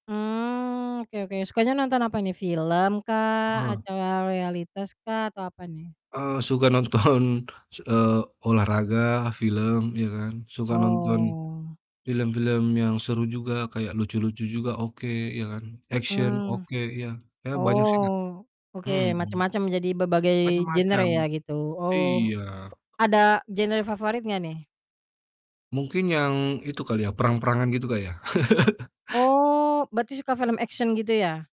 Mmm, oke oke. Sukanya nonton apa nih? Film kah? Heeh. Acara realitas kah? Atau apa nih? Eee, suka nonton s eee, olahraga, film ya kan. Suka nonton Oh. film-film yang seru juga kayak lucu-lucu juga oke ya kan. Action Mmm. oke iya, ya banyak sih Kak Oh. Oke mmm. macam-macam, jadi berbagai genre Macam-macam. ya gitu, oh, Iya. ada genre favorit gak nih? Mungkin yang itu kali ya, perang-perangan gitu Kak ya. Oh berarti suka film action gitu ya?